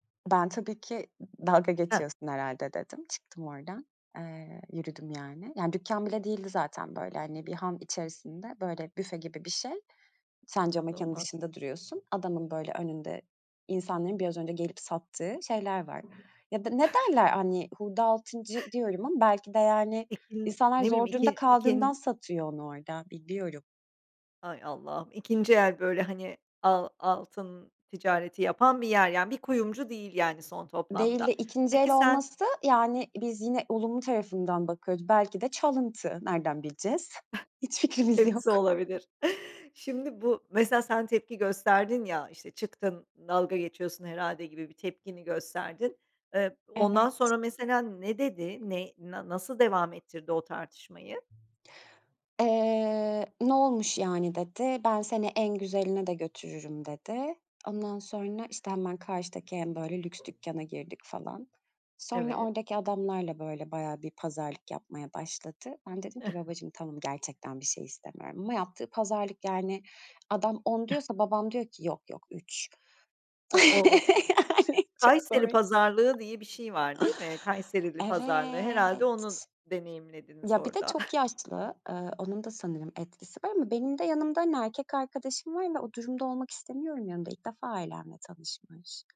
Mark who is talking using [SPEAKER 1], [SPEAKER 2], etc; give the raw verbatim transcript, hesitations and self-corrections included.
[SPEAKER 1] Ben tabii ki d dalga
[SPEAKER 2] Hah.
[SPEAKER 1] geçiyorsun herhâlde dedim, çıktım oradan, eee, yürüdüm yani. Yani dükkân bile değildi zaten. Böyle, hani, bir han içerisinde, böyle, büfe gibi bir şey. Sen camekânın
[SPEAKER 2] İnanılmaz.
[SPEAKER 1] dışında duruyorsun, adamın, böyle, önünde insanların biraz önce gelip sattığı şeyler var. Ya da, ne derler? Hani, "hurda altıncı" diyorum ama belki de, yani,
[SPEAKER 2] Peki n
[SPEAKER 1] insanlar
[SPEAKER 2] ne bileyim
[SPEAKER 1] zor durumda
[SPEAKER 2] iki
[SPEAKER 1] kaldığından
[SPEAKER 2] ikin
[SPEAKER 1] satıyor onu orada, bilmiyorum.
[SPEAKER 2] Hay Allah'ım ikinci el böyle, hani, al altın ticareti yapan bir yer. Yani bir kuyumcu değil, yani, son
[SPEAKER 1] Değildi.
[SPEAKER 2] toplamda.
[SPEAKER 1] ikinci
[SPEAKER 2] Peki
[SPEAKER 1] el
[SPEAKER 2] sen
[SPEAKER 1] olması, yani, biz yine olumlu tarafından bakıyoruz, belki de çalıntı. Nereden bileceğiz? Hiç fikrimiz yok.
[SPEAKER 2] Hepsi olabilir. Şimdi bu mesela sen tepki gösterdin ya, işte, çıktın, "Dalga geçiyorsun, herhâlde." gibi bir tepkini gösterdin. Eee, ondan
[SPEAKER 1] Evet.
[SPEAKER 2] sonra mesela ne dedi? Ne na nasıl devam ettirdi o tartışmayı?
[SPEAKER 1] Eee, "Ne olmuş yani?" dedi, "Ben seni en güzeline de götürürüm." dedi. Ondan sonra, işte, hemen karşıdaki en, böyle, lüks dükkâna girdik falan. Sonra
[SPEAKER 2] Evet.
[SPEAKER 1] oradaki adamlarla, böyle, bayağı bir pazarlık yapmaya başladı. Ben dedim ki, "Babacığım, tamam. Gerçekten bir şey istemiyorum." Ama yaptığı pazarlık, yani, adam "on" diyorsa babam diyor ki, "Yok, yok, üç."
[SPEAKER 2] Ha, o o de
[SPEAKER 1] Yani, çok
[SPEAKER 2] Kayseri
[SPEAKER 1] komik.
[SPEAKER 2] pazarlığı diye bir şey var, değil mi? Kayserili pazarlığı, herhâlde
[SPEAKER 1] Evet.
[SPEAKER 2] onu deneyimlediniz
[SPEAKER 1] Ya, bir de
[SPEAKER 2] orada.
[SPEAKER 1] çok yaşlı, ııı, onun da sanırım etkisi var. Ama benim de yanımda, hani, erkek arkadaşım var ve o durumda olmak istemiyorum yanında, ilk defa ailemle tanışmış.